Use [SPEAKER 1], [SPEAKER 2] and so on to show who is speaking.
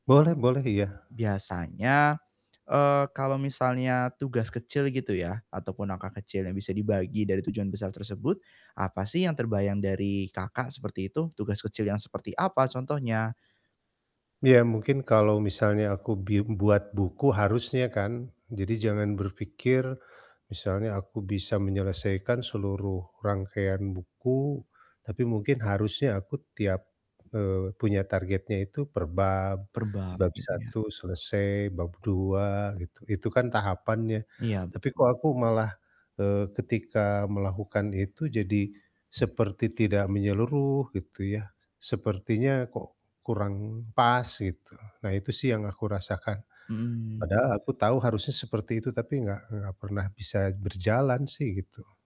[SPEAKER 1] Boleh boleh, iya.
[SPEAKER 2] Biasanya, eee, kalau misalnya tugas kecil gitu yah ataupun angka kecil yang bisa dibagi dari tujuan besar tersebut, apa sih yang terbayang dari Kakak seperti itu, tugas kecil yang seperti apa contohnya?
[SPEAKER 1] Iya mungkin kalau misalnya aku bim buat buku harusnya kan, jadi jangan berfikir misalnya aku bisa menyelesaikan seluruh rangkaian buku, tapi mungkin harusnya aku tiap, eee, punya targetnya itu per bab,
[SPEAKER 2] Per bab,
[SPEAKER 1] bab
[SPEAKER 2] akhirnya.
[SPEAKER 1] 1 selesai, bab 2 gitu. Itu kan tahapannya,
[SPEAKER 2] Iya
[SPEAKER 1] tapi
[SPEAKER 2] betul.
[SPEAKER 1] kok aku malah, eee, ketika melakukan itu jadi seperti tidak menyeluruh gitu ya. Sepertinya kok kurang pas gitu. Nah itu sih yang aku rasakan
[SPEAKER 2] Mhm.
[SPEAKER 1] padahal aku tahu harusnya seperti itu, tapi enggak enggak pernah bisa berjalan sih gitu.